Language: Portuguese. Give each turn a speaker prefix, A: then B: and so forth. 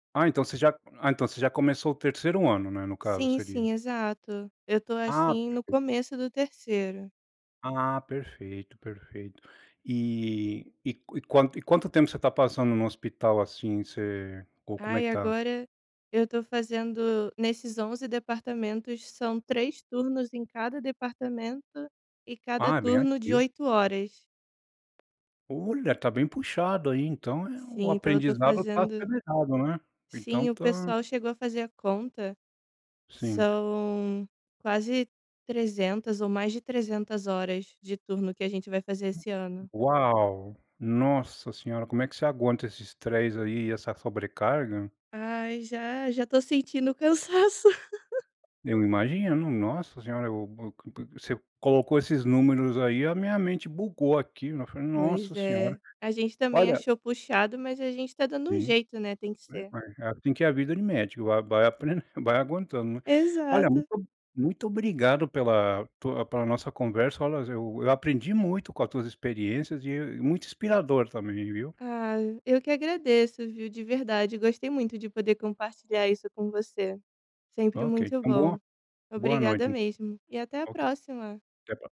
A: Ah, então, você já ah, então você já começou o 3º ano, né, no caso,
B: Sim, sim,
A: seria.
B: exato. Eu tô,
A: Ah,
B: assim, no
A: perfeito!
B: começo do 3º.
A: Ah, perfeito, perfeito. E e qu e quanto tempo você tá passando no hospital, assim, você, o como é
B: Ai,
A: que tá?
B: agora eu tô fazendo nesses 11 departamentos, são 3 turnos em cada departamento e cada
A: Ah, é bem
B: turno de
A: ativo.
B: 8 horas.
A: Olha, tá bem puxado aí, então é o
B: Sim, tô tô
A: aprendizado tá
B: fazendo
A: acelerado, né. Então
B: Sim, o
A: tá
B: pessoal chegou a fazer a conta.
A: Sim.
B: São quase 300 ou mais de 300 horas de turno que a gente vai fazer
A: U
B: esse ano.
A: u uau! Nossa senhora, como é que você aguenta esse estresse aí e essa sobrecarga?
B: Ai, já já tô sentindo o cansaço.
A: Eu imagino, nossa senhora! Eu eu, c c você colocou esses números aí, a minha mente bugou aqui, nos eu falei:
B: Pois
A: "Nossa senhora".
B: é. A gente também
A: Olha
B: achou puxado mas a gente tá dando um
A: Sim.
B: jeito, né. Tem que
A: Né,
B: ser.
A: mas é assim que é a vida de médico. Vai, vai apren vai aguentando, né. Olha muito
B: Exato.
A: o muito obrigado pela tua pela nossa conversa. Olhas eu eu aprendi muito com a tuas experiências e muito inspirador também, viu.
B: Ah, eu que agradeço, viu, de verdade. Gostei muito de poder compartilhar isso com você. Sempre
A: OK.
B: muito
A: Então boa
B: bom.
A: boa
B: Obrigada
A: noite.
B: mesmo. E até a
A: OK.
B: próxima.
A: Até a próxima.